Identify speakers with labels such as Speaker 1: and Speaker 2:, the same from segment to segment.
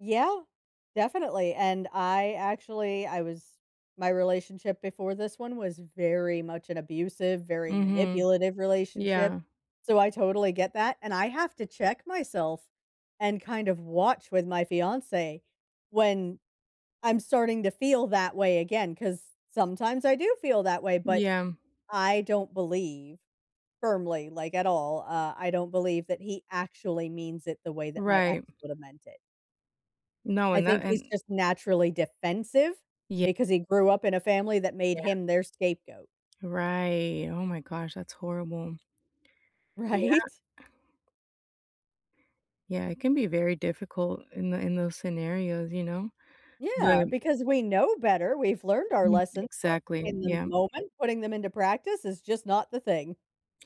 Speaker 1: Yeah, definitely, and I, actually I was my relationship before this one was very much an abusive, very
Speaker 2: Mhm,
Speaker 1: manipulative relationship,
Speaker 2: yeah.
Speaker 1: so I totally get that, and I have to check myself and kind of watch with my fiance when I'm starting to feel that way again, 'cause sometimes I do feel that way, but
Speaker 2: Yeah.
Speaker 1: I don't believe firmly, like, at all, uh, I don't believe that he actually means it the way that my ex
Speaker 2: Right.
Speaker 1: would have meant it.
Speaker 2: No,
Speaker 1: I
Speaker 2: and that,
Speaker 1: think he's
Speaker 2: and
Speaker 1: just naturally defensive,
Speaker 2: Ye
Speaker 1: because he grew up in a family that made
Speaker 2: Yeah.
Speaker 1: him their scapegoat.
Speaker 2: Right, oh my gosh, that's horrible. Yeah.
Speaker 1: Right?
Speaker 2: Yeah, it can be very difficult in the in those scenarios, you know, but
Speaker 1: Yeah, because we know better, we've learned our
Speaker 2: Mm,
Speaker 1: lessons
Speaker 2: exactly,
Speaker 1: in the
Speaker 2: yeah.
Speaker 1: moment, putting them into practice is just not the thing.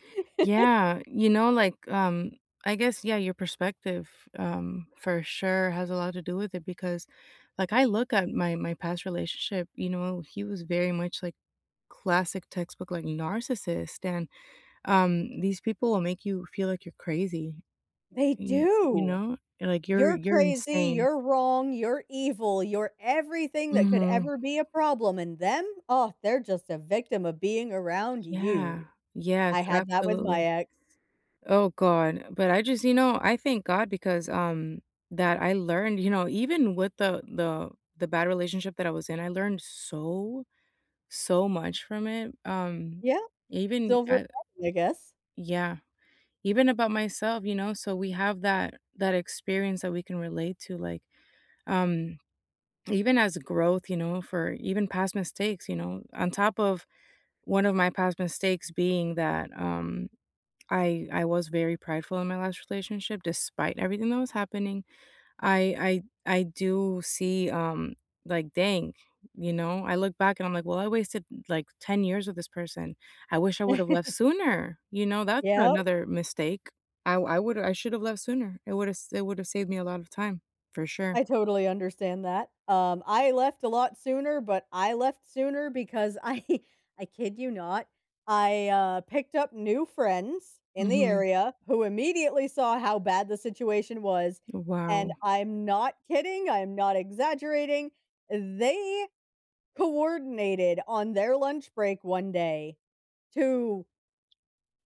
Speaker 2: Yeah, you know, like, um, I guess, yeah, your perspective, um, for sure has a lot to do with it, because, like, I look at my, my past relationship, you know, he was very much like classic textbook, like, narcissist, and, um, these people will make you feel like you're crazy,
Speaker 1: They
Speaker 2: y you
Speaker 1: do!
Speaker 2: know, like you're
Speaker 1: "You're
Speaker 2: you're
Speaker 1: crazy,
Speaker 2: insane.
Speaker 1: you're wrong, you're evil, you're everything that could
Speaker 2: Mhm.
Speaker 1: ever be a problem. And them? Oh, they're just a victim of being around you."
Speaker 2: qYeah. Yes,
Speaker 1: I had that with my
Speaker 2: absolutely.
Speaker 1: ex.
Speaker 2: Oh, God, but I just, you know, I thank God because, um that, I learned, you know, even with the the the bad relationship that I was in, I learned so, so much from it, um,
Speaker 1: Yeah,
Speaker 2: even
Speaker 1: silver
Speaker 2: I
Speaker 1: [unintelligible] I guess.
Speaker 2: Yeah, even about myself, you know, so we have that, that experience that we can relate to, like, um, even as a growth, you know, for even past mistakes, you know, on top of 1 of my past mistakes being that, um, I I was very prideful in my last relationship, despite everything that was happening, I I I do see, um, like dang, you know, I look back and I'm like, well, I wasted like 10 years with this person. I wish I would have left sooner, you know, that's
Speaker 1: Yeah.
Speaker 2: another mistake. I I woulda I should have left sooner. It would have s it would have saved me a lot of time, for sure.
Speaker 1: I totally understand that. Um, I left a lot sooner, but I left sooner because I I kid you not, I, uh, picked up new friends in the
Speaker 2: Mhm.
Speaker 1: area who immediately saw how bad the situation was, and
Speaker 2: Wow.
Speaker 1: I'm not kidding, I'm not exaggerating, they coordinated on their lunch break one day to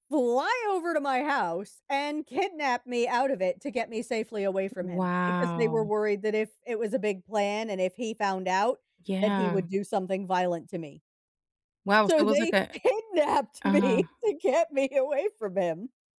Speaker 1: fly over to my house and kidnap me out of it to get me safely away from him, because they were
Speaker 2: Wow.
Speaker 1: worried that if it was a big plan, and if he found out that he
Speaker 2: Yeah.
Speaker 1: would do something violent to me.
Speaker 2: Wow, so
Speaker 1: So,
Speaker 2: it was like
Speaker 1: they
Speaker 2: a
Speaker 1: kidnapped
Speaker 2: uh-huh.
Speaker 1: me to get me away from him.